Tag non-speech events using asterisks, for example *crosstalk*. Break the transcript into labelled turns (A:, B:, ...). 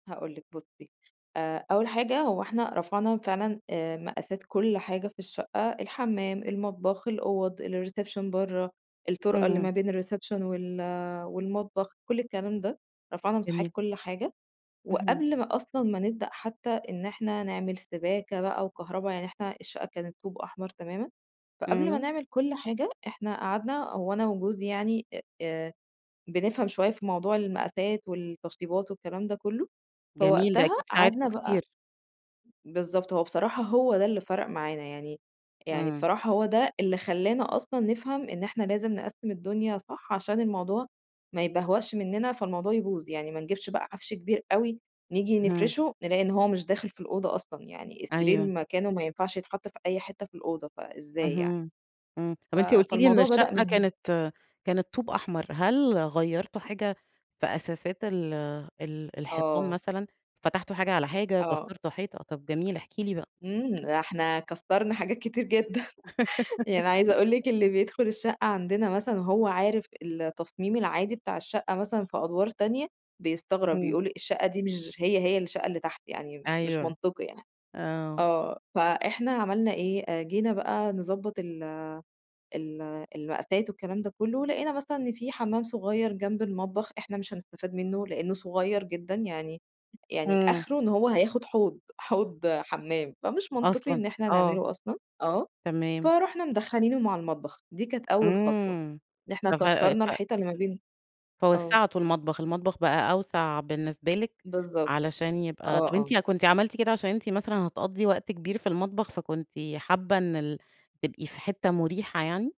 A: هاقول لِك بُصي آآ، أول حاجة هو إحنا رفعنا فعلًا آآ، مقاسات كُلّ حاجة في الشقة، الحمام، المطبخ، الأوض، الreception برّا، الطُرْقة اللي ما
B: إمم.
A: بين الreception وال والمطبخ، كُلّ الكلام ده، رفعنا مساحات
B: جميل.
A: كُلّ حاجة،
B: اهم.
A: وقبْل ما أصلًا ما نبدأ حتى إن إحنا نعمل سِباكة بقى وكهربا يعني إحنا الشقة كانت طوب أحمر تماما، فقبْل ما
B: إمم.
A: نعمل كُلّ حاجة إحنا قعدنا هو أنا وجوزي يعني آآ، آآ بنفْهم شوية في موضوع المقاسات والتشطيبات والكلام ده كلّه،
B: جميل، ده
A: فوقتها
B: أكيد
A: قعدنا
B: ساعدكوا
A: بقى
B: كتير.
A: بالضبط، هو بصراحة هو ده اللي فَرَق معانا يعني يعني
B: إمم.
A: بصراحة هو ده اللي خلانا أصلًا نفْهم إن إحنا لازم نقسِّم الدنيا صح، عشان الموضوع ما يِبَهْوَقْش منّنا، فالموضوع يبوظ، يعني ما نجيبش بقى عَفْش كبير أوي، نيجي
B: اهم.
A: نفرشه نلاقي إن هو مش داخل في الأوضة أصلًا، يعني السرير
B: أيوه.
A: مكانه ما ينفعش يتحط في أي حتة في الأوضة، فإزاي يعني؟
B: اهم، امم، طب
A: ف
B: أنتِ قُلتِ لي إن
A: فالموضوع بدأ
B: الشقة
A: من هنا.
B: كانت كانت طوب أحمر، هل غيّرتوا حاجة في أساسات ال ال الحيطان
A: آه.
B: مثلًا، فتحتوا حاجة على حاجة،
A: آه.
B: كسَّرتوا حيطة؟ طب جميل، إحكي لي بقى.
A: إمم، ده إحنا كسَّرنا حاجات كتير جدًا، يعني عايزة أقول لِك
B: *laughs*
A: اللي بيدخل الشقة عندنا مثلًا وهو عارف التصميم العادي بتاع الشقة مثلًا في أدْوار تانية، بيستغرب،
B: همم.
A: يقول: "الشقة دي مش هي هي الشقة اللي تحت، يعني مش
B: أيوه،
A: منطقي يعني."
B: آه.
A: آه، فإحنا عملنا إيه، آآ، جينا بقى نضبّط ال ال المقاسات والكلام ده كلّه، لقينا مثلًا إن في حمام صغيّر جنب المطبخ، إحنا مش هنسْتَفاد منه لأنه صغيّر جدًا، يعني يعني
B: إمم.
A: آخره إن هو هياخد حوض، حوض حمام، فمش منطقي
B: أصلًا!
A: إن إحنا
B: آه.
A: نعمله أصلًا، آه،
B: تمام.
A: فرُحنا مدخَّلينه مع المطبخ، دي كانت أول خطوة،
B: إمم،
A: إن إحنا
B: ف ف
A: كسّرْنا
B: ف
A: الحيطة اللي ما بين آه.
B: فوسَّعتوا المطبخ، المطبخ بقى أوْسع بالنسبة لِك
A: بالضبط،
B: علشان يبقى
A: آه
B: طب
A: آه.
B: أنتِ كُنتِ عملتِ كده عشان أنتِ مثلًا هتقضّي وقت كبير في المطبخ، فكُنتِ حابة إن ال تبقي في حتة مُريحة يعني؟